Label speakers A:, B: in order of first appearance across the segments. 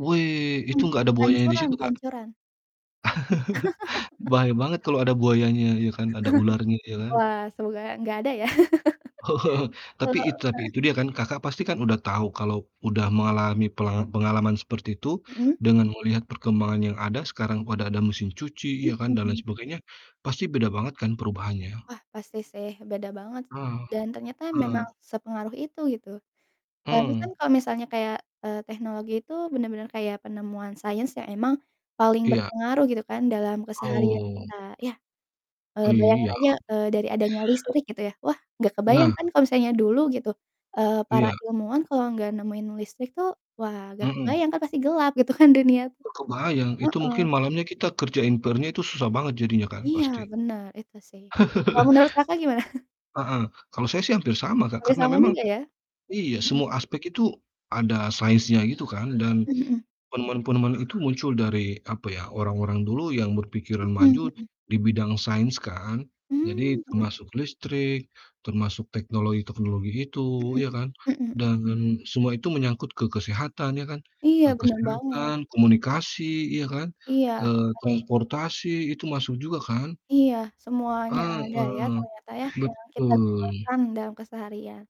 A: Wuih, itu
B: Mhm.
A: nggak ada buayanya di
B: Pancuran
A: situ Kak?
B: pancuran.
A: Bahaya banget kalau ada buayanya, ya kan? Ada ularnya, ya kan?
B: Wah, semoga nggak ada ya.
A: Tapi
B: Eee
A: itu tapi
B: heeh.
A: itu dia kan Kakak pasti kan udah tahu kalau udah mengalami pelanga pengalaman seperti itu
B: Mhm.
A: dengan melihat perkembangan yang ada, sekarang pada ada mesin cuci,
B: Mhm
A: ya kan, dan lain
B: mhm.
A: sebagainya, pasti beda banget kan, perubahannya?
B: Wah, pasti sih beda banget,
A: Heeh.
B: dan ternyata
A: Heeh.
B: memang sepengaruh itu, gitu. Soalnya kan
A: Mmm.
B: kalau misalnya kayak, eee, teknologi itu bener-bener kayak penemuan sains yang emang paling
A: Iya.
B: berpengaruh, gitu kan, dalam keseharian
A: Oh.
B: kita, iya, eee, bayangin
A: Iya.
B: aja, eee, dari adanya listrik, gitu ya. Wah, nggak kebayang
A: Nah.
B: kan, kalau misalnya dulu gitu, eee, para
A: Iya.
B: ilmuwan kalau nggak nemuin listrik tuh, wah, nggak
A: Mhm.
B: kebayang kan, pasti gelap gitu kan, dunia tuh.
A: Oh, kebayang, itu
B: Heeh.
A: mungkin malamnya kita kerjain PR-nya itu susah banget jadinya kan,
B: Iya,
A: pasti.
B: bener, itu sih. Kalau menurut Kakak, gimana?
A: Heeh, kalau saya sih hampir sama Kak.
B: Hampir
A: Karena
B: sama
A: memang
B: juga, ya?
A: iya,
B: Mhm.
A: semua aspek itu, ada sainsnya gitu kan. Dan,
B: Mmm, mhm.
A: penemuan-penemuan itu muncul dari, apa ya, orang-orang dulu yang berpikiran
B: Mhm
A: maju
B: mhm.
A: di bidang sains kan. Jadi,
B: Mmm, mhm.
A: termasuk listrik, termasuk teknologi-teknologi
B: Mhm
A: itu, ya
B: mhm.
A: kan,
B: Mhm mhm.
A: dan semua itu menyangkut ke kesehatan, ya kan.
B: Iya,
A: Eee,
B: bener banget.
A: kesehatan, komunikasi, ya kan,
B: Iya,
A: eee,
B: pasti.
A: transportasi itu masuk juga kan.
B: Iya, semuanya ada ya,
A: Heeh,
B: ternyata ya, yang kita
A: betul.
B: gunakan dalam keseharian.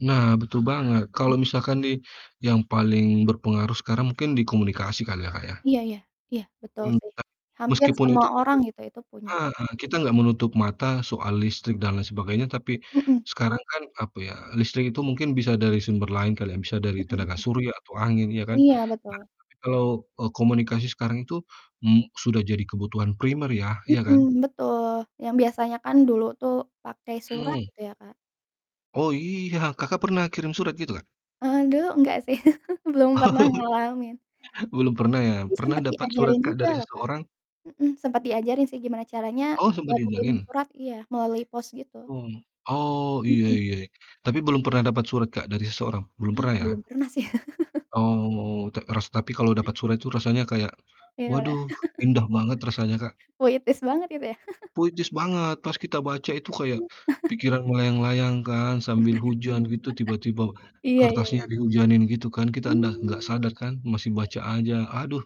A: Nah, betul banget,
B: Mhm.
A: kalau misalkan nih yang paling berpengaruh sekarang mungkin di komunikasi kali ya, Kak, ya?
B: Iya iya, iya, betul
A: Mmm,
B: sih,
A: tapi
B: hampir
A: meskipun itu
B: semua orang
A: [unintelligible]
B: gitu, itu punya.
A: heeh, kita nggak menutup mata soal listrik, dan lain sebagainya. Tapi,
B: Mhm.
A: sekarang kan, apa ya, listrik itu mungkin bisa dari sumber lain, kali ya, bisa
B: Mhm
A: dari tenaga
B: mhm.
A: surya atau angin, iya kan.
B: Iya,
A: Nah,
B: betul.
A: tapi kalau, eee, komunikasi sekarang itu, mu sudah jadi kebutuhan primer ya, ya
B: Mhm,
A: kan?
B: betul. Yang biasanya kan dulu tuh pakai surat
A: Mmm.
B: gitu ya, Kak?
A: Oh iya, Kakak pernah kirim surat gitu Kak?
B: Aduh, enggak sih. Belum pernah ngalamin.
A: Belum pernah ya?
B: Tapi
A: Pernah
B: sempet
A: dapat surat
B: diajarin
A: Kak,
B: juga
A: dari
B: loh Kak.
A: seseorang?
B: Mhm, sempet diajarin sih, gimana caranya
A: Oh, sempat
B: buat kirimin
A: diajarin?
B: surat iya, melalui pos gitu
A: Mmm. Oh, iya
B: Mhm.
A: iya iya, tapi belum pernah dapat surat Kak dari seseorang? Belum
B: Ah,
A: pernah, ya?
B: belum pernah sih.
A: Oh, ta ras tapi kalau dapat surat itu rasanya kayak
B: Iya lah.
A: waduh indah banget rasanya Kak.
B: Puitis banget itu ya?
A: Puitis banget, pas kita baca itu kayak, pikiran melayang-layang kan sambil hujan gitu, tiba-tiba
B: Iya iya iya.
A: kertasnya dihujanin gitu kan, kita endah nggak
B: Mmm.
A: sadar kan masih
B: Iya.
A: baca aja, aduh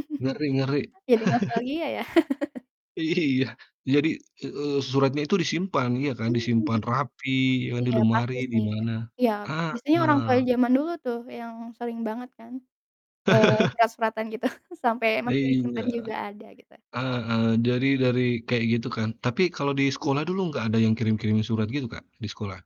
A: ngeri ngeri.
B: Jadi nostalgia ya?
A: Iya, jadi, e eee, suratnya itu disimpan ya kan,
B: Mmm, mhm.
A: disimpan rapi, ya kan di
B: Iya,
A: lemari,
B: pasti
A: di
B: sih.
A: mana.
B: Iya, biasanya orang tua
A: Heeh.
B: jaman dulu tuh yang sering banget kan, eee, surat-suratan gitu, sampai
A: Ah
B: masih
A: iya,
B: disimpan juga ada, gitu.
A: heeh. Jadi dari kayak gitu kan, tapi kalau di
B: Mhm.
A: sekolah dulu nggak ada yang kirim-kirimin surat gitu Kak, di sekolah?